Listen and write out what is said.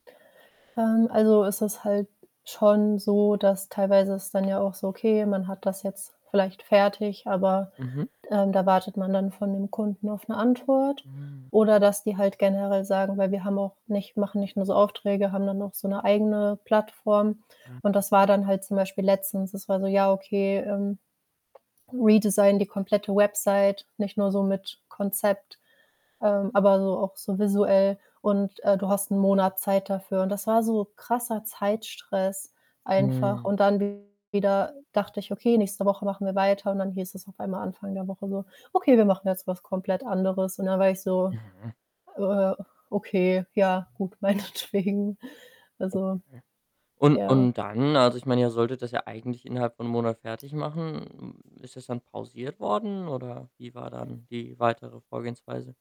Ähm, also, es ist halt schon so, dass teilweise ist dann ja auch so, okay, man hat das jetzt vielleicht fertig, aber, Mhm. ähm, da wartet man dann von dem Kunden auf 'ne Antwort. Mm. Oder dass die halt generell sagen weil wir haben auch nicht machen nicht nur so Aufträge, haben dann auch so 'ne eigene Plattform. Und Ah. das war dann halt zum Beispiel letztens, es war so: „Ja, okay, ähm, redesign die komplette Website, nicht nur so mit Konzept, ähm, aber so auch so visuell und, äh, du hast 1 Monat Zeit dafür.“ Und das war so krasser Zeitstress einfach. Mhm. Und dann wieder dachte ich: „Okay, nächste Woche machen wir weiter“, und dann hieß es auf einmal Anfang der Woche so: „Okay, wir machen jetzt was komplett anderes.“ Und da war ich so: Mhm. „Äh, okay, ja, gut, meinetwegen.“ Also, Okay. Und ja. und dann, also, ich meine, ihr solltet das ja eigentlich innerhalb von 1 Monat fertigmachen. Hm, ist das dann pausiert worden oder wie war dann die weitere Vorgehensweise?